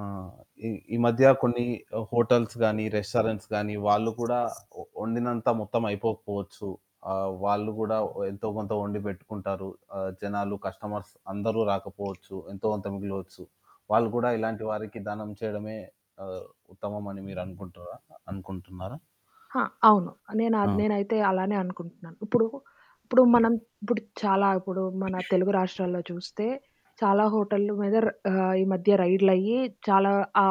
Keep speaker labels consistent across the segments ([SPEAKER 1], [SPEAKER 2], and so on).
[SPEAKER 1] ఆ! ఈ ఈ మధ్య కొన్ని హోటల్స్ గాని, రెస్టారెంట్స్ గాని, వాళ్ళు కూడా వండినంత మొత్తం అయిపోకపోవచ్చు. ఆ! వాళ్ళు గూడా ఎంతో కొంత వండి పెట్టుకుంటారు. ఆ! జనాలు కస్టమర్స్ అందరూ రాకపోవచ్చు. ఎంతో కొంత మిగిలవచ్చు. వాళ్ళు కూడా ఇలాంటి వారికి దానం చేయడమే ఆ! ఉత్తమమని మీరనుకుంటుర్రా? అనుకుంటున్నారా?
[SPEAKER 2] ఆ! అవును. నేనా
[SPEAKER 1] అవును.
[SPEAKER 2] నేనైతే అలానే అనుకుంటున్నాను. ఇప్పుడు, ఇప్పుడు మనం ఇప్పుడు చాలా ఇప్పుడు మన తెలుగు రాష్ట్రాల్లో చూస్తే చాలా హోటళ్లు మీద ర ఆ! ఈ మధ్య రైడ్లయ్యి చాలా ఆ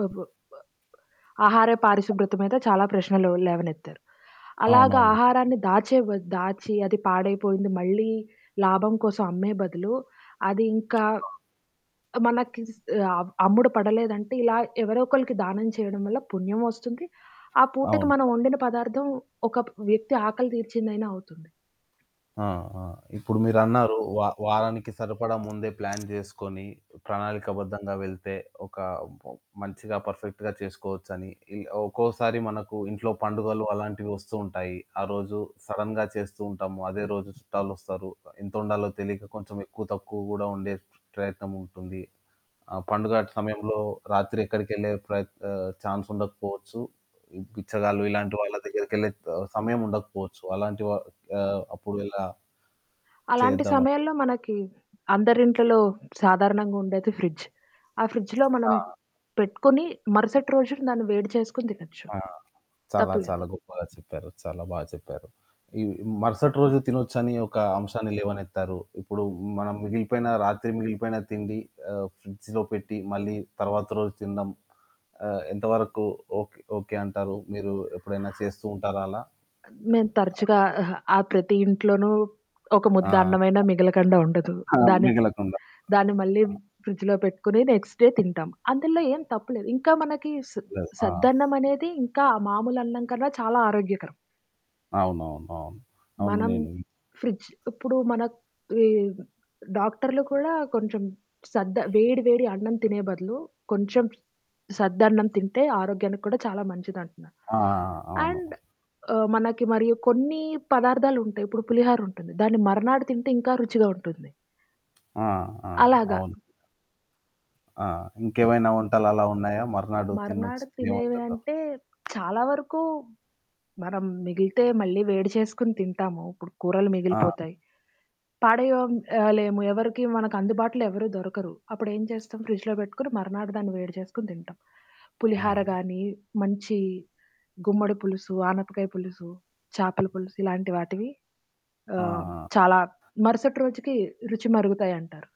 [SPEAKER 2] అబ్ బ్ బ్ ఆహార పారిశుభ్రత మీద చాలా ప్రశ్నలు లేవనెత్తారు. అలాగా
[SPEAKER 1] అవునవును.
[SPEAKER 2] ఆహారాన్ని దాచేవ దాచి అది పాడైపోయింది మళ్ళీ లాభం కోసం అమ్మే బదులు, అదింకా
[SPEAKER 1] ఆ!
[SPEAKER 2] ఆ! మనకి అ అమ్ముడు పడలేదంటే ఇలా ఎవరో ఒకళ్ళకి దానం చేయడం వల్ల పుణ్యం వస్తుంది. ఆ పూటకి
[SPEAKER 1] అవును.
[SPEAKER 2] మనం వండిన పదార్థం ఒక వ్యక్తి ఆకలి తీర్చిందైనా అవుతుంది.
[SPEAKER 1] ఆ! ఆ! ఇప్పుడు మీరన్నారు వా వారానికి సరిపడా ముందే ప్లాన్ జేసుకొని ప్రణాళికాబద్ధంగా వెళ్తే ఒక మంచిగా, పర్ఫెక్ట్‌గా చేసుకోవచ్చని. ఇలా ఒక్కోసారి మనకు ఇంట్లో పండుగలు అలాంటివి వస్తూ ఉంటాయి. ఆ రోజు సడెన్‌గా చేస్తూ ఉంటాము. అదే రోజు చుట్టాలొస్తారు. ఎంత వండాలో తెలియక కొంచెం ఎక్కువ తక్కువ గూడా వండే ప్రయత్నముంటుంది. ఆ! పండుగ సమయంలో రాత్రి ఎక్కడికెళ్ళే ప్రయత్ ఆ! ఛాన్స్ ఉండకపోవచ్చు. ఈ బిచ్చగాళ్లుు ఇలాంటి వాళ్ళ దగ్గరికెళ్ళే సమయం ఉండకపోవచ్చు. అలాంటి వ ఆ! అప్పుడెలా?
[SPEAKER 2] అలాంటి
[SPEAKER 1] చేద్దమా?
[SPEAKER 2] సమయంలో మనకి అందరింట్లలో సాధారణంగా ఉండేది ఫ్రిడ్జ్. ఆ ఫ్రిడ్జ్‌లో మనం
[SPEAKER 1] ఆ!
[SPEAKER 2] పెట్టుకొని మరుసటి రోజున దాన్ని వేడి చేసుకొని తినొచ్చు.
[SPEAKER 1] ఆ! చాలా చాలా
[SPEAKER 2] తప్పులేదు.
[SPEAKER 1] గొప్పగా చెప్పారు. చాలా బా చెప్పారు. ఈ
[SPEAKER 2] మేం
[SPEAKER 1] మరుసటి రోజు తినొచ్చని ఒక అంశాన్ని లేవనెత్తారు. ఇప్పుడు మనం మిగిలిపోయినా రాత్రి మిగిలిపోయినా తిండి ఆ! ఫ్రిడ్జ్‌లో పెట్టి మళ్ళీ తర్వాత రోజు తినడం, ఆ! ఎంతవరకు ఓక్ ఓకే అంటారు. మీరు ఎప్పుడైనా చేస్తూ ఉంటారా అలా?
[SPEAKER 2] తరచుగా అహా! ఆ ప్రతి ఇంట్లోనూ ఒక
[SPEAKER 1] ఆ!
[SPEAKER 2] ముద్ద అన్నమైనా మిగలకండా ఉండదు.
[SPEAKER 1] ఆ!
[SPEAKER 2] దాన్ని,
[SPEAKER 1] మిగలకుండ.
[SPEAKER 2] దాన్ని మళ్ళీ ఫ్రిడ్జ్‌లో పెట్టుకొని నెక్స్ట్ డే తింటాం. అందులో ఏం తప్పు లేదు. ఇంకా మనకి స్
[SPEAKER 1] లేదు. ఆ!
[SPEAKER 2] సద్దన్నమనేది ఇంకా మామూలన్నం కన్నా చాలా ఆరోగ్యకరం.
[SPEAKER 1] అవునవునవును. అవును
[SPEAKER 2] మనం
[SPEAKER 1] నేను
[SPEAKER 2] ఫ్రిడ్జ్ ఇప్పుడు మనక్ వీరు డాక్టర్లు కూడా కొంచెం సద్ద వేడి వేడి అన్నం తినే బదులు, కొంచెం సద్దన్నం తింటే ఆరోగ్యానికి కూడా చాలా మంచిదంటున్నారు.
[SPEAKER 1] ఆ! ఆ! ఆ!
[SPEAKER 2] అండ్
[SPEAKER 1] అవును.
[SPEAKER 2] ఆ! మనకి మరియు కొన్ని పదార్థాలుంటాయి ఇప్పుడు పులిహోర ఉంటుంది, దాన్ని మరనాడు తింటే ఇంకా రుచిగా ఉంటుంది.
[SPEAKER 1] ఆ! ఆ!
[SPEAKER 2] అలాగ.
[SPEAKER 1] అవును. ఆ! ఇంకేవైనా వంటలలా ఉన్నాయా మర్నాడు తినొచ్చు,
[SPEAKER 2] మర్నాడు
[SPEAKER 1] తినే
[SPEAKER 2] తినేవి
[SPEAKER 1] వంటకం?
[SPEAKER 2] అంటే చాలా వరకు మనం మిగిలితే మళ్ళీ వేడి చేసుకొని తింటాము. ఇప్పుడు కూరలు
[SPEAKER 1] ఆ!
[SPEAKER 2] మిగిలిపోతాయి పడయొం ఆ! లేము. ఎవరికీ మనకందుబాటులో ఎవరు దొరకరు. అప్పుడేం చేస్తాం ఫ్రిజ్‌లో పెట్టుకొని మరనాడు దాన్ని వేడి చేసుకొని తింటాం. పులిహార
[SPEAKER 1] ఆ!
[SPEAKER 2] గానీ, మంచి గుమ్మడి పులుసు, ఆనపకాయ పులుసు, చాపల పులుసు, ఇలాంటి వాటివి ఆ!
[SPEAKER 1] ఆ! ఆ!
[SPEAKER 2] చాలా మరుసటి రోజుకి రుచి మరుగుతాయంటారు.